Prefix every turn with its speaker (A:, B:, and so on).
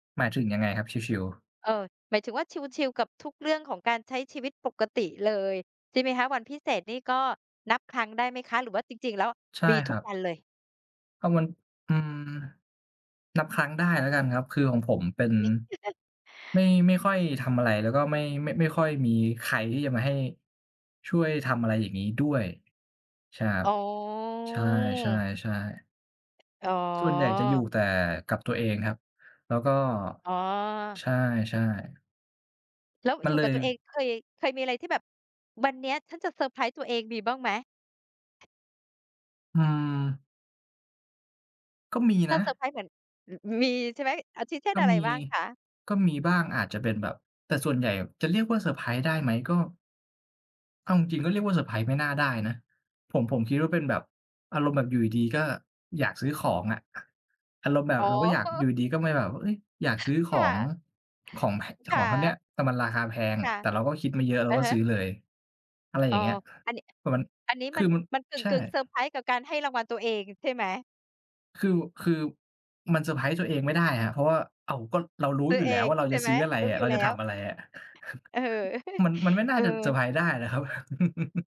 A: หมายถึงยังไงครับชิล ๆ?
B: เอ่อ หมายถึงว่าชิล ๆ กับทุกเรื่องของการใช้ชีวิตปกติเลยใช่ไหมคะ? วันพิเศษนี่ก็นับครั้งได้ไหมคะ หรือว่าจริง ๆ แล้ว
A: ใช่
B: มี
A: ค
B: ทุ
A: ร
B: ก
A: ับ
B: วันเลย?
A: ก็มัน อืม นับครั้งได้แล้วกันครับ คือของผมเป็น
B: อันนี้
A: ไม่ ไม่ค่อยทำอะไร แล้วก็ไม่ ม ไม่ค่อยมีใครที่จะมาให้ ช่วยทำอะไรอย่างงี้ด้วย ใช่ครั
B: อ
A: บ
B: ๋
A: ใช
B: อ
A: ่ ๆ ๆ
B: อ๋
A: ส่วนใหญ่จะอยู่
B: อ
A: แต่กับตัวเองครับ แล้วก็
B: อ๋อ
A: ใช่ ๆ
B: แล้ว
A: ม
B: อ
A: ั
B: ย
A: น
B: ู่
A: เล
B: กับ
A: ย
B: ตัวเอง เคย เคยมีอะไรที่แบบ "วันเนี้ยฉันจะเซอร์ไพรส์ตัวเอง" มีบ้างไหม?
A: อืม ก็มี
B: ถ้
A: น
B: า
A: ะ
B: เซอร์ไพรส์เหมือน มีใช่ไหม? อาทิเช่
A: ก
B: น
A: ็
B: อะไ
A: ม
B: ร
A: ี
B: บ้างคะ?
A: ก็มีบ้าง อาจจะเป็นแบบ แต่ส่วนใหญ่จะเรียกว่าเซอร์ไพรส์ได้ไหม ก็ เอาจริง ๆ ก็เรียกว่าเซอร์ไพรส์ไม่น่าได้นะ ผม ผมคิดว่าเป็นแบบ อารมณ์แบบอยู่ดี ๆ ก็อยากซื้อของอะ อารมณ์แบ
B: อ๋
A: บ
B: อ
A: เราก็อยา
B: โ
A: ก
B: อ้
A: อยู่ดี ๆ ก็มาแบบว่า เฮ้ย อยากซื้อข
B: ค่
A: อง
B: ะ
A: ของ [unintelligible] เจ้า
B: ค
A: ข
B: ่
A: องอันเนี้ย
B: ะ
A: แต่มันราคาแพง
B: ค่ะ
A: แต่เราก็คิดมาเยอะเรา
B: อะ
A: ก็
B: ฮ
A: ซ
B: ะ
A: ื้อเลย อะไรอ
B: อ
A: ย
B: ๋อ
A: ่างเงี้ย
B: อันนี้
A: เผื่อมัน
B: อันนี้
A: ค
B: มั
A: ื
B: น
A: อมัน
B: มันก
A: ใช่
B: ึ่ง ๆ เซอร์ไพรส์กับการให้รางวัลตัวเองใช่ไหม?
A: คือ คือมันเซอร์ไพรส์ตัวเองไม่ได้ครับ เพราะว่า อ้าว ก็เรารู้
B: ซื้
A: อย
B: อ
A: ู่
B: เ
A: แ
B: อ
A: ล้ว
B: ง
A: ว่าเรา
B: ใช
A: จะ
B: ่ไ
A: ซ
B: หม?
A: ื้ออะไร
B: รู้
A: อะ
B: อย
A: เ
B: ู
A: ร
B: ่
A: า
B: แล
A: จ
B: ้
A: ะท
B: ว
A: ำอะไรอะ
B: เออ
A: มัน มันไม่น่
B: เ
A: า
B: อ
A: จะเซอร์
B: อ
A: ไพรส์ได้นะครับ